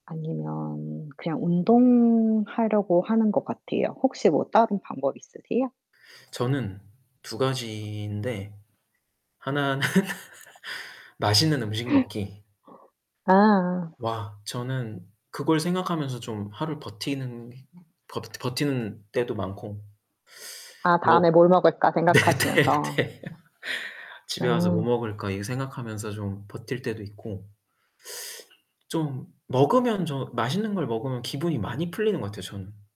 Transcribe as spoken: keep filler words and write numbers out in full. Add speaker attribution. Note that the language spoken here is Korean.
Speaker 1: 아니면 그냥 운동하려고 하는 것 같아요. 혹시 뭐 다른 방법이 있으세요?
Speaker 2: 저는 두 가지인데 하나는 맛있는 음식 먹기
Speaker 1: 아아.
Speaker 2: 와 저는 그걸 생각하면서 좀 하루 버티는 버 버티는 때도 많고
Speaker 1: 아
Speaker 2: 뭐
Speaker 1: 다음에 뭘 먹을까 생각하시면서.
Speaker 2: 네네네. '집에 와서 뭐
Speaker 1: 음.
Speaker 2: 먹을까.' 이 생각하면서 좀 버틸 때도 있고 좀 먹으면 저 맛있는 걸 먹으면 기분이 많이 풀리는 것 같아요 저는.